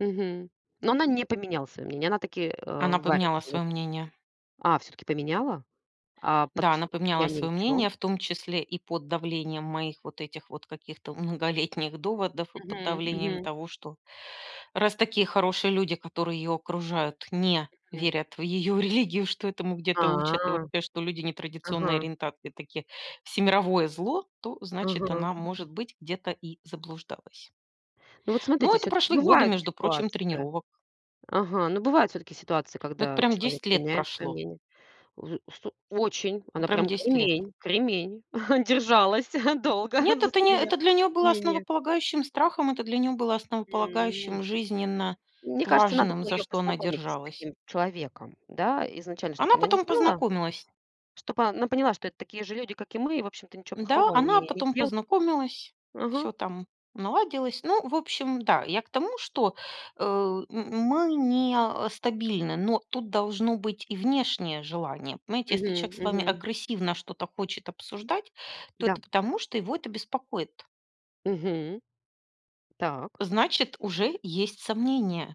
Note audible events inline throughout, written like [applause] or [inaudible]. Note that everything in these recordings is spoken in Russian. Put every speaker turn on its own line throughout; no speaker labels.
Мгм. Но она не поменяла своё мнение. Она так и, а,
Она поменяла
варится в этом.
своё мнение.
А, всё-таки поменяла. А под
Да, она поменяла
влиянием
своё
чего?
мнение, в том числе и под давлением моих вот этих вот каких-то многолетних доводов и под
Мгм.
давлением
Мгм.
того, что раз такие хорошие люди, которые её окружают, не
Мгм.
верят в её религию, что этому где-то учат, и
А,
вообще, что люди нетрадиционной
ага.
ориентации такие всемировое зло, то значит
Ага.
она может быть где-то и заблуждалась.
Ну, вот
Но
смотрите,
это
всё-таки
прошли годы,
бывают
между прочим,
ситуации
тренировок.
Ага. Ну, бывают всё-таки ситуации,
Вот
когда
прям
человек
10 лет
меняет свое
прошло.
мнение. Взу сту очень. Она
Прям
прям
10 лет.
кремень, кремень [chuckles] держалась долго
Нет,
за
это не
свое
это для нее было
мнение.
основополагающим страхом, это для нее было
М.
основополагающим жизненно
Мне кажется, надо
важным,
было
за
ее
что она
познакомить с
держалась.
таким человеком, да. Изначально, чтоб
Она
она не
потом
знала,
познакомилась.
чтоб она поняла, что это такие же люди, как и мы. И, общем-то, ничего
Н-да,
плохого
она
они не
потом
делают.
познакомилась,
Ага.
всё там наладилось. Ну, в общем, да, я к тому, что, э, м м мы не, а, стабильны, но тут должно быть и внешнее желание. Понимаете, если человек
Мгм.
с вами
Мгм.
агрессивно что-то хочет обсуждать, то
Да.
это потому, что его это беспокоит.
Мгм. Так.
Значит, уже есть сомнения.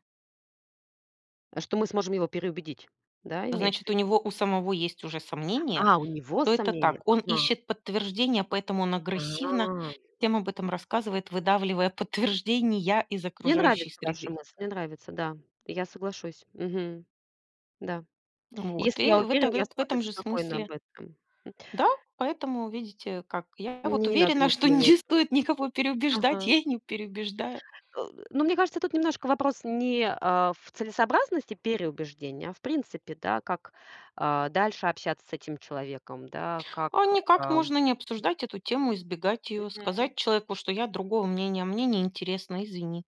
А что мы сможем его переубедить. Да, имеете в
Значит у
виду?
него у самого есть уже сомнения,
А, у него
то это
сомнения?
так. Он
Ага.
ищет подтверждения, поэтому он агрессивно
А.
всем об этом рассказывает, выдавливая подтверждения из
Мне
окружающей
нравится ваша
среды.
мысль, мне нравится. Да, я соглашусь. Мгм. Да.
М, вот
Если
и
я
в
уверен,
этом в э
я
эт в
спо э,
этом же
спокойна об
смысле
этом, м.
Да, поэтому видите, как я вот
Мне не надо
уверена, что
никому ни о
не
чем
стоит никого переубеждать,
Ага.
я и не переубеждаю.
Э, д но мне кажется, тут немножко вопрос не, а, в целесообразности переубеждения, а в принципе, да, как, а, дальше общаться с этим человеком, да,
А
как,
никак
ам
можно не обсуждать эту тему, избегать ее,
Мгм.
сказать человеку, что я другого мнения, мне неинтересно, извини.